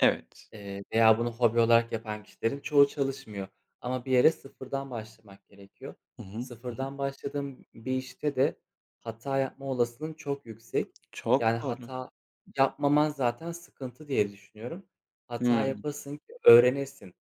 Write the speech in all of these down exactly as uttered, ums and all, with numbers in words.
Evet. Eee, veya bunu hobi olarak yapan kişilerin çoğu çalışmıyor ama bir yere sıfırdan başlamak gerekiyor. Hı hı. Hı hı. Sıfırdan başladığın bir işte de hata yapma olasılığın çok yüksek. Yani Çok doğru. hata yapmaman zaten sıkıntı, diye düşünüyorum. Hata Hımm. yapasın ki öğrenesin.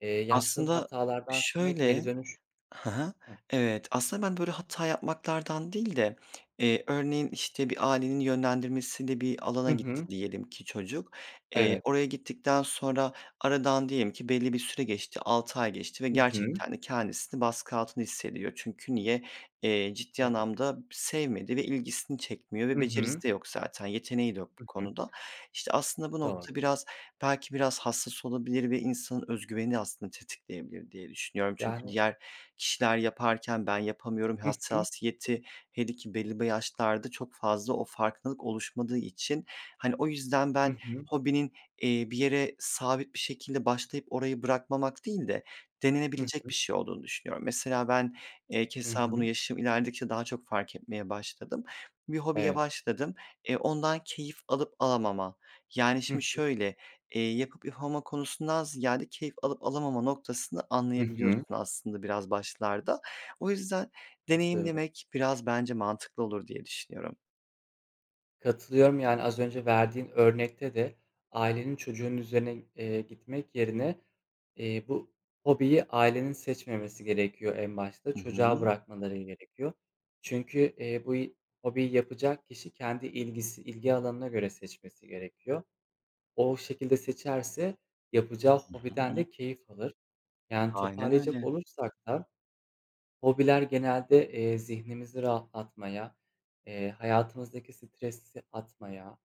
Eee, yaptığın Aslında, hatalardan sana şöyle geri dönüş Hı hı, Hıh. evet. Aslında, ben böyle hata yapmaktan değil de, eee, örneğin, işte, bir ailenin yönlendirmesiyle bir Hı alana gitti hı. diyelim ki çocuk. Eee, Evet. oraya gittikten sonra aradan diyelim ki belli bir süre geçti, altı ay geçti ve Hı hı. gerçekten de kendisini baskı altında hissediyor. Çünkü niye? Eee, ciddi Evet. anlamda b sevmedi ve ilgisini çekmiyor, Hı hı. becerisi de yok zaten, yeteneği de yok bu Hı hı. konuda. İşte, aslında bu Doğru. nokta biraz, belki biraz hassas olabilir ve insanın öz güvenini aslında tetikleyebilir diye düşünüyorum. Çünkü Yani diğer kişiler yaparken, "Ben yapamıyorum." Hı hı. hassasiyeti, hele ki belli yaşlarda çok fazla o farklılık oluşmadığı için. Hani, o yüzden Hı ben hı. hobinin, eee, bir yere sabit bir şekilde başlayıp orayı bırakmamak değil de Hı denenebilecek hı. bir şey olduğunu düşünüyorum. Mesela ben, eee, Hı keza bunu hı. yaşım ilerledikçe daha çok fark etmeye başladım. Bir hobiye Evet. başladım, eee, ondan keyif alıp alamam yani Hı şimdi hı. şöyle: Eee, yapıp yapamama konusundan ziyade keyif alıp alamama noktasını Hı anlayabiliyorsun hı. aslında biraz başlarda. O yüzden Katılıyorum. deneyimlemek biraz bence mantıklı olur, diye düşünüyorum. Katılıyorum. Yani az önce verdiğin örnekte de ailenin çocuğun üzerine, eee, gitmek yerine, eee, bu hobiyi ailenin seçmemesi gerekiyor en başta, Hı çocuğa hı. bırakmaları gerekiyor. Çünkü, eee, bu y hobiyi yapacak kişi kendi ilgisi ilgi alanına göre seçmesi gerekiyor. O şekilde seçerse yapacağı Hı hobiden hı. de keyif alır. Yani Aynen toparlayacak öyle. olursak da hobiler genelde, eee, zihnimizi rahatlatmaya, eee, hayatımızdaki stresi atmaya,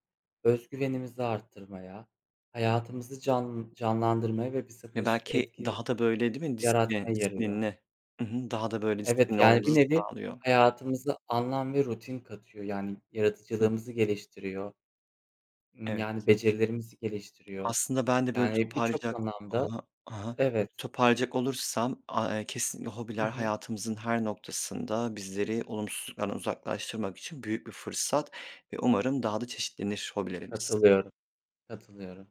öz güvenimizi arttırmaya, hayatımızı can canlandırmaya ve bize Ya, pozitif belki etki daha da böyle değil mi? Disiplin yaratmaya yarıyor. disiplinli I hı, daha da böyle Evet, disiplinli yani, bir olmamızı nevi sağlıyor. hayatımıza anlam ve rutin katıyor. Yani, Hı hı. yaratıcılığımızı geliştiriyor. Imm, yani, Evet. becerilerimizi geliştiriyor. Aslında, ben de böyle Yani, birçok toparlayacak Ha anlamda ha, ha ha. Evet. Toparlayacak olursam, aaa, eee, kesinlikle Hı hobiler hı. hayatımızın her noktasında bizleri olumsuzluklardan uzaklaştırmak için büyük bir fırsat ve umarım daha da çeşitlenir hobilerimiz. Katılıyorum, katılıyorum.